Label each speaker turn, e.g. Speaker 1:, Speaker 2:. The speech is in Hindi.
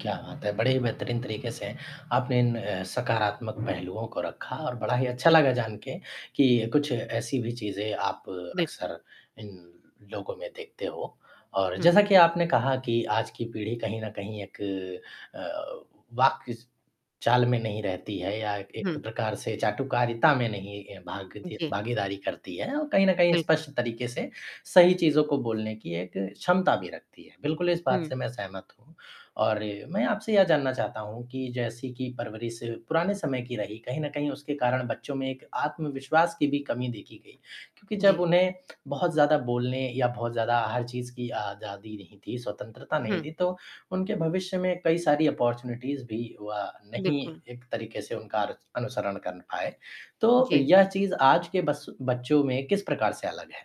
Speaker 1: क्या बात है, बड़े ही बेहतरीन तरीक़े से, आपने इन सकारात्मक पहलुओं को रखा और बड़ा ही अच्छा
Speaker 2: जी।
Speaker 1: लगा जानके कि कुछ ऐसी भी चीज़ें आप
Speaker 2: बिल्कुल।
Speaker 1: अक्सर इन लोगों में देखते हो और
Speaker 2: हुँ।
Speaker 1: जैसा कि आपने कहा कि आज की पीढ़ी कहीं न कहीं एक अ, वाक्य इस चाल में नहीं रहती है या एक
Speaker 2: हुँ।
Speaker 1: प्रकार से चाटुकारिता में नहीं ए, भागदी
Speaker 2: जी।
Speaker 1: भागीदारी करती है और कहीं न कहीं
Speaker 2: बिल्कुल।
Speaker 1: स्पष्ट तरीक़े से, सही चीज़ों को बोलने की एक क्षमता भी रखती है बिल्कुल इस बात
Speaker 2: हुँ।
Speaker 1: से मैं सहमत हूँ और मैं आपसे ये जानना चाहता हूँ कि जैसे कि परवरिश पुराने समय की रही कहीं न कहीं उसके कारण बच्चों में एक आत्मविश्वास की भी कमी देखी गई क्योंकि
Speaker 2: जी।
Speaker 1: जब उन्हें बहुत ज़्यादा बोलने या बहुत ज़्यादा हर चीज़ की आज़ादी नहीं थी, स्वतंत्रता नहीं
Speaker 2: हुँ।
Speaker 1: थी तो उनके भविष्य में कई सारी अपॉर्च्युनिटीज़ भी व नहीं
Speaker 2: बिल्कुल।
Speaker 1: एक तरीक़े से उनका अनुसरण कर पाए, तो
Speaker 2: जी।
Speaker 1: यह चीज़ आज के बस बच्चों में किस प्रकार से अलग है?